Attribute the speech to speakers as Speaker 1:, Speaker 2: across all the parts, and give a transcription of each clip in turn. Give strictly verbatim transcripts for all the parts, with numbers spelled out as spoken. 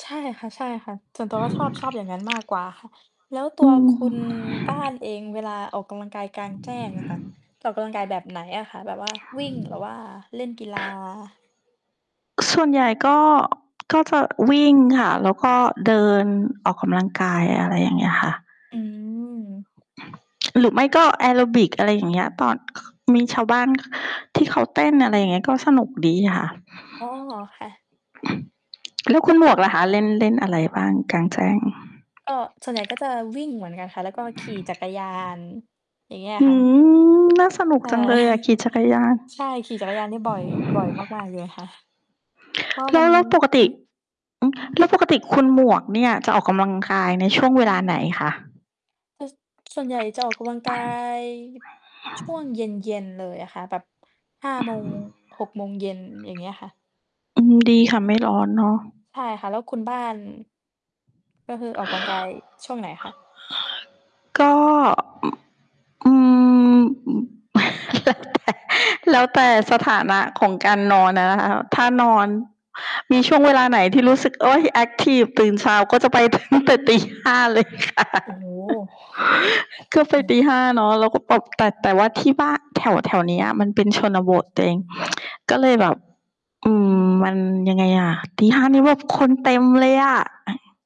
Speaker 1: ใช่ค่ะ ๆ ส่วนตัวก็ชอบ ชอบอย่างงั้นมากกว่าค่ะ แล้วตั
Speaker 2: อื
Speaker 1: วค
Speaker 2: ม
Speaker 1: ุณบ้านเอง เวลาออกกำลังกายกลางแจ้งอะค่ะ จะออกกำลังกายแบบไหนอะคะ? แบบว่าวิ่งหรือว่าเล่นกีฬา?
Speaker 2: ส่วนใหญ่ก็ ก็จะวิ่งค่ะ แล้วก็เดินออกกำลังกาย อะไรอย่างเงี้ยค่ะ
Speaker 1: อืม
Speaker 2: หรือไม่ก็แอโรบิก อะไรอย่างเงี้ย ตอน มีชาวบ้านที่เขาเต้น อะไรอย่างเงี้ย ก็สนุกดีค่ะ
Speaker 1: อ๋อ ค่ะ
Speaker 2: แล้วคุณหมวกล่ะคะ เล่น เล่นอะไรบ้างกลางแจ้ง?
Speaker 1: ก็ ส่วนใหญ่ก็จะวิ่งเหมือนกันค่ะ แล้วก็ขี่จักรยาน อย่างเงี้ย
Speaker 2: อื
Speaker 1: ค่ะ
Speaker 2: ม น่าสนุก
Speaker 1: ใช่
Speaker 2: จังเลยอะ ขี่จักรยาน
Speaker 1: ใช่ ขี่จักรยานนี่บ่อย บ่อยมาก ๆ เลยค่ะ เพราะว่า
Speaker 2: แล
Speaker 1: มั
Speaker 2: ้
Speaker 1: น
Speaker 2: ว แล้วปกต
Speaker 1: ห
Speaker 2: ิ
Speaker 1: ือ
Speaker 2: อ แล้วปกติคุณหมวกเนี่ย จะออกกำลังคาย ในช่วงเวลาไหนคะ?
Speaker 1: เออ ส ส่วนใหญ่จะออกกำลังกาย ช่วงเย็น ๆ เลยอะค่ะ แบบ ห้า โมง หก โมงเย็น อย่างเงี้ยค่ะ
Speaker 2: อืม ดีค่ะ ไม่ร้อนเนาะ
Speaker 1: ใช่ค่ะ แล้วคุณบ้าน ก็คือออกกำลังกายช่วงไหนคะ?
Speaker 2: ก็ อ อืม อ แล้วแต่สถานะของการนอนอะนะคะ ถ้านอน มีช่วงเวลาไหนที่รู้สึก โอ๊ย แอ็กทิฟ ตื่นเช้าก็จะไป ตั้งแต่ตี ห้า เลยค่ะ
Speaker 1: โอ้โฮ
Speaker 2: ก็ไป
Speaker 1: โอ้
Speaker 2: ตี ห้า เนาะ แล้วก็แบบ แต่ แต่ว่าที่บ้า แถว ๆ เนี้ย มันเป็นชนบทตัวเอง ก็เลยแบบ อืม มันยังไงอะ ตี ห้า นี่แบบคนเต็มเลยอะ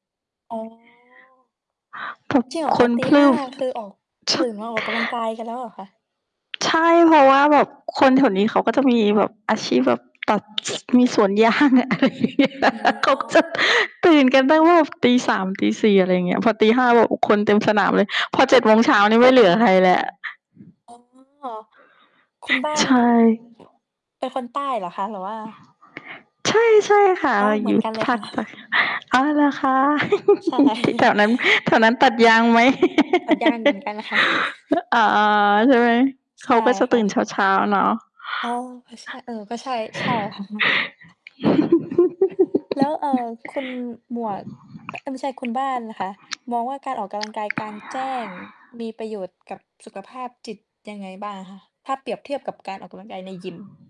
Speaker 1: อ๋อ
Speaker 2: พรึ่บ
Speaker 1: จริงเหรอ
Speaker 2: ค
Speaker 1: คะ?
Speaker 2: น
Speaker 1: ตี
Speaker 2: พร
Speaker 1: ห
Speaker 2: ึ
Speaker 1: ้า
Speaker 2: ่บ
Speaker 1: คือออก
Speaker 2: ช
Speaker 1: ตื่นมาออกกำลังกายกันแล้วเหรอคะ?
Speaker 2: ใช่ เพราะว่าแบบคนแถวนี้ เขาก็จะมีแบบอาชีพแบบตัด ส มีสวน ยาง อะไรอย่างเงี้ย
Speaker 1: อ๋
Speaker 2: เขาก็จะ
Speaker 1: อ
Speaker 2: ตื่นกันตั้งแบบตี สาม ตี สี่ อะไรอย่างเงี้ย พอตี ห้า แบบ โอ้ คนเต็มสนามเลย พอ เจ็ด โมงเช้านี่ไม่เหลือใครแล้ว
Speaker 1: อ๋อ คุณบ้าน
Speaker 2: ใช่
Speaker 1: อ เป็นคนใต้เหรอคะ? หรือว่า
Speaker 2: ใช่ ใช่ค่ะ
Speaker 1: อ๋อ
Speaker 2: เรา
Speaker 1: เหม
Speaker 2: อ
Speaker 1: ื
Speaker 2: ย
Speaker 1: อ
Speaker 2: ู
Speaker 1: น
Speaker 2: ่
Speaker 1: กันเลย
Speaker 2: ภ
Speaker 1: ค
Speaker 2: า
Speaker 1: ่ะ
Speaker 2: คใต้ อ๋อ เหรอคะ?
Speaker 1: ใช่
Speaker 2: ที่แถวนั้น แถวนั้นตัดยางไหม?
Speaker 1: ตัดยางเหมือนกันค่ะ
Speaker 2: เออ อ๋อ ๆ ใช่ไหม
Speaker 1: ใ
Speaker 2: เ
Speaker 1: ช
Speaker 2: ขา
Speaker 1: ่
Speaker 2: ก็จะ
Speaker 1: ค
Speaker 2: ต
Speaker 1: ่
Speaker 2: ื่นเ
Speaker 1: ะ
Speaker 2: ช้า ๆ เนาะ
Speaker 1: อ๋อ เออ ใช่ เออ ก็ใช่ ใช่ค่ะ แล้ว เอ่อ คุณหมวก เอ๊ย ไม่ใช่คุณบ้านนะคะ มองว่าการออกกำลังกายกลางแจ้ง มีประโยชน์กับสุขภาพจิตยังไงบ้างอะคะ? ถ้าเปรียบเทียบกับการออกกำลังกายในยิม